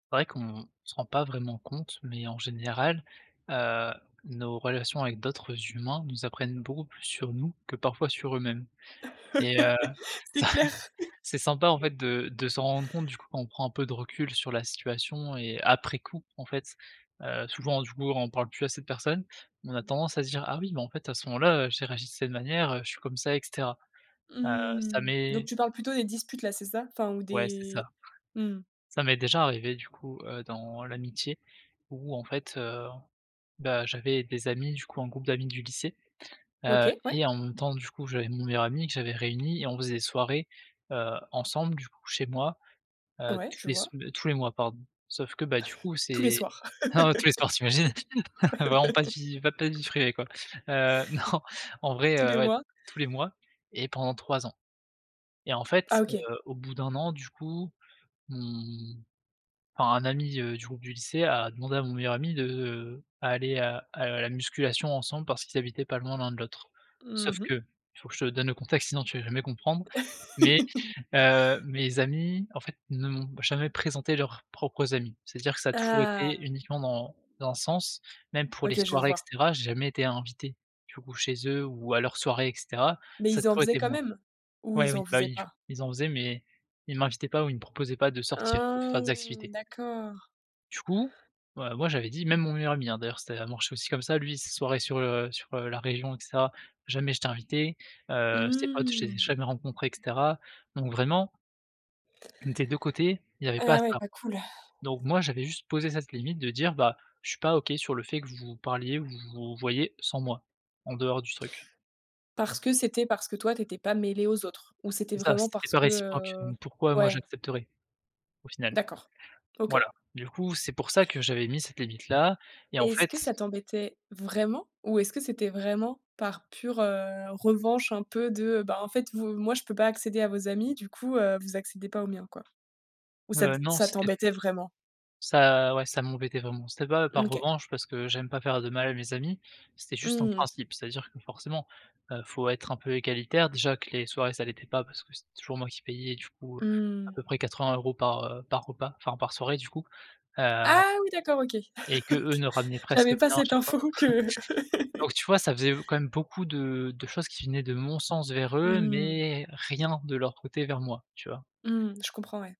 C'est vrai qu'on se rend pas vraiment compte, mais en général, heu, nos relations avec d'autres humains nous apprennent beaucoup plus sur nous que parfois sur eux-mêmes. Et heu, C'est ça clair. c'est sympa, en fait, de de se rendre compte du coup, quand on prend un peu de recul sur la situation et après coup, en fait, heu, souvent, du coup, on parle plus à cette personne, mais on a tendance à se dire: «Ah oui, mais en fait, à ce moment-là, j'ai réagi de cette manière, heu, je suis comme ça», et cetera. Heu, ça Mmh. Donc m'est tu parles plutôt des disputes là, c'est ça? Enfin ou Ouais c'est des ça, mmh. ça m'est déjà arrivé, du coup, heu, dans l'amitié où en fait, heu, bah, j'avais des amis, du coup, un groupe d'amis du lycée, heu, OK ouais. et en même temps, du coup, j'avais mon meilleur ami, que j'avais réunis et on faisait des soirées, heu, ensemble, du coup, chez moi, heu, Ouais, tous je les vois. sem tous les mois, pardon, sauf que, bah, du coup, Tous les c'est soirs. ah ouais, tous les soirs, tu imagines? Vraiment pas de vie, pas pas de vie privée, quoi, heu, non en vrai, Tous les heu, ouais mois. tous les mois et pendant 3 ans. Et en Ah fait, OK. heu, au bout d'1 an, du coup, mmh, enfin, un ami, heu, du groupe du lycée a demandé à mon meilleur ami de, heu, à aller à à la musculation ensemble parce qu'ils habitaient pas loin l'un de l'autre. Mmh Sauf mh. que, faut que je te donne le contexte sinon tu vas jamais comprendre, mais heu, mes amis, en fait, ne m'ont jamais présenté leurs propres amis. C'est-à-dire que ça a toujours été Ah! uniquement dans dans 1 sens, même pour les OK, je soirées et vois. cetera, j'ai jamais été invité du coup chez eux ou à leurs soirées et cetera, Mais ça a ils en toujours faisaient été quand moi. même ou Ouais, ils oui, en bah, faisaient oui, du pas? coup, ils en faisaient mais ils m'invitaient pas ou ils me proposaient pas de sortir pour Ah, faire des activités. d'accord. Du coup, ouais, moi j'avais dit même mon meilleur ami, hein, d'ailleurs, c'était l ça marchait aussi comme ça, lui ses soirées sur, heu, sur, heu, la région et cetera, jamais j'étais invité, heu, ses potes je les ai Mmh! jamais rencontrés et cetera, donc vraiment des 2 côtés, il y avait pas Ah ouais, ça. pas cool. Donc moi j'avais juste posé cette limite de dire: «Bah, je suis pas OK sur le fait que vous vous parliez ou vous vous voyiez sans moi, en dehors du truc». Parce que c'était parce que toi tu étais pas mêlé aux autres? Ou c'était C'est ça, vraiment c'était parce pas que, réciproque, heu donc pourquoi moi ouais. j'accepterais? Au final. D'accord, OK. Voilà. Du coup, c'est pour ça que j'avais mis cette E limite-là, et en et est-ce fait que ça t'embêtait vraiment ou est-ce que c'était vraiment par pure, heu, revanche un peu de, bah, en fait, v moi je peux pas accéder à vos amis, du coup, heu, vous accédez pas aux miens, quoi? Ou ça Heu, t non, ça c'était t'embêtait vraiment? ça ouais ça m'embêtait vraiment, c'était pas Mmh par OK. revanche parce que j'aime pas faire de mal à mes amis, c'était juste un Mmh mh. principe. C'est-à-dire que forcément, heu, faut être un peu égalitaire, déjà que les soirées ça l'était pas parce que c'était toujours moi qui payais, du coup, à Mmh. peu près 80 € par, heu, par repas, enfin par soirée, du coup, heu Ah oui, d'accord, OK. et qu'eux OK, ne ramenaient presque j'avais pas rien à cette chaque fois. info que Donc tu vois, ça faisait, heu, quand même beaucoup de de choses qui venaient de mon sens vers Mmh eux, mh. mais rien de leur côté vers moi, tu vois? Mmh, je comprends, ouais.